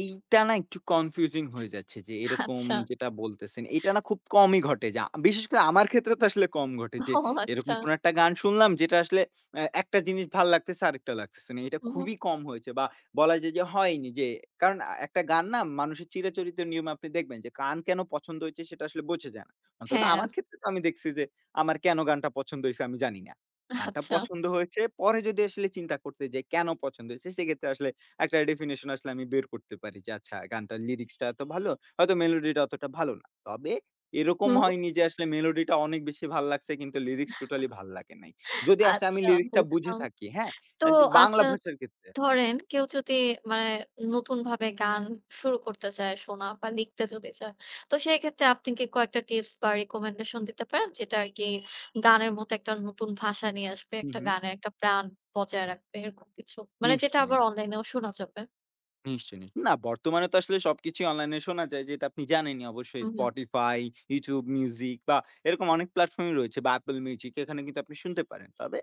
এইটা না একটু কনফিউজিং হয়ে যাচ্ছে, যে এরকম আচ্ছা। যেটা বলতেছেন, এইটা না খুব কমই ঘটে। যা বিশেষ করে আমার ক্ষেত্রে তো আসলে কম ঘটে যে ও এরকম আচ্ছা। কোনো একটা গান শুনলাম যেটা আসলে আ একটা জিনিস ভাল লাগতেছে আরেকটা লাগতেছে না। এইটা হুম, হুম। খুবই কম হয়েছে বা বলা যায় যে হয়নি। যে কারণ একটা গান না মানুষের চিরাচরিত নিয়মে আপনি দেখবেন যে গান কেন পছন্দ হয়েছে সেটা আসলে বোঝা যায় না। অন্তত হ্যাঁ। আমার আম ক্ষেত্রে তো আমি দেখছি যে আমার কেন গানটা পছন্দ হইছে আমি জানি না। গানটা আচ্ছা। পছন্দ হয়েছে পরে যদি আসলে চিন্তা করতে যাই কেন পছন্দ হইছে সেক্ষেত্রে আসলে একটা ডেফিনিশন আসলে আমি বের করতে পারি যে, "আচ্ছা, গানটার লিরিক্সটা এত ভালো, হয়তো মেলোডিটা অতটা ভালো না।" তবে এরকম হুম। হয়নি যে আসলে মেলোডিটা অনেক বেশি ভাল লাগছে, কিন্তু লিরিক্স টোটালি ভাল লাগে নাই। যদি আসলে আমি আচ্ছা লিরিক্সটা বুঝে বুঝলাম, থাকি, হ্যাঁ? তো আন যদি বাংলা আচ্ছা ভাষার ক্ষেত্রে। ধরেন কেউ যদি মানে, নতুনভাবে গান শুরু করতে চায় শোনা বা লিখতে যদি চায়। তো সেক্ষেত্রে আপনি কি কয়েকটা টিপস বা রিকমেন্ডেশন দিতে পারেন যেটা আর কি গানের মতো একটা নতুন ভাষা নিয়ে আসবে, হুম, একটা হুম। গানের একটা প্রাণ বজায় রাখবে এরকম কিছু মানে যেটা আবার নিশ্চয়ই। অনলাইনেও শোনা যাবে। নিশ্চয়ই, নিশ্চয়ই। না বর্তমানে তো আসলে সবকিছুই অনলাইন এ শোনা যায়। যেটা আপনি জানেনই অবশ্যই হুম, হুম। Spotify, YouTube Music বা এরকম অনেক প্লাটফর্মই রয়েছে বা Apple Music এখানে কিন্তু আপনি শুনতে পারেন। তবে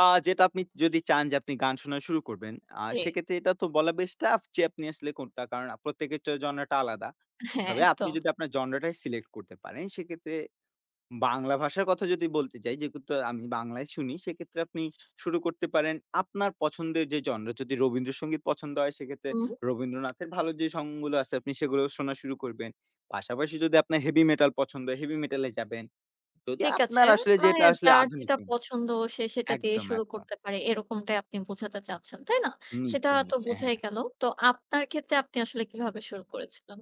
আ যেটা আপনি যদি চান যে আপনি গান শোনা শুরু করবেন আ জি। সেক্ষেত্রে এটা তো বলা বেশ টাফ যে আপনি আসলে কোনটা কারণ প্রত্যেকের জনরাটা আলাদা। হ্যাঁ, তবে আপনি একদম। যদি আপনার জনরাটাই সিলেক্ট করতে পারেন, সেক্ষেত্রে বাংলা ভাষার কথা যদি বলতে যাই যেহেতু আমি বাংলায় শুনি, সেক্ষেত্রে আপনি শুরু করতে পারেন আপনার পছন্দের যেই জনরা। যদি রবীন্দ্রসঙ্গীত পছন্দ হয় সেক্ষেত্রে হুম। রবীন্দ্রনাথের ভালো যে সংগুলো আছে আপনি সেগুলোও শোনা শুরু করবেন। পাশাপাশি যদি আপনার হেভি মেটাল পছন্দ হয় হেভি মেটালে যাবেন। যদি ঠিক আছে। আপনার আসলে মানে যেটা আসলে যার আধুনিক যেটা পছন্দ সে সেটা দিয়ে একদম, শুরু একদম। করতে পারে এরকমটাই আপনি বোঝাতে চাচ্ছেন, তাই না? সেটা নিশ্চয়ই, তো নিশ্চয়ই। বোঝাই হ্যাঁ। গেল। তো আপনার ক্ষেত্রে আপনি আসলে কীভাবে শুরু করেছিলেন?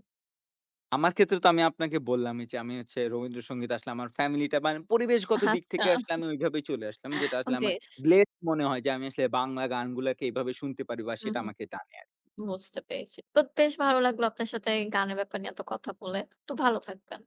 আমার ক্ষেত্রে তো আমি আপনাকে বললামই, যে আমি হচ্ছে রবীন্দ্রসঙ্গীতে আসলে আমার ফ্যামিলিটা মানে পরিবেশগত দিক আচ্ছা থেকে আসলে আমি ওইভাবেই চলে আসলাম। যেটা আসলে আমার বেশ। ব্লেসড মনে হয় যে আমি আসলে বাংলা গানগুলাকে এভাবে শুনতে পারি বা হুম, সেটা হুম। আমাকে টানে আরকি। বুঝতে পেরেছি। তো বেশ ভালো লাগলো আপনার সাথে গানের ব্যাপার নিয়ে এত কথা বলে, তো ভালো থাকবেন।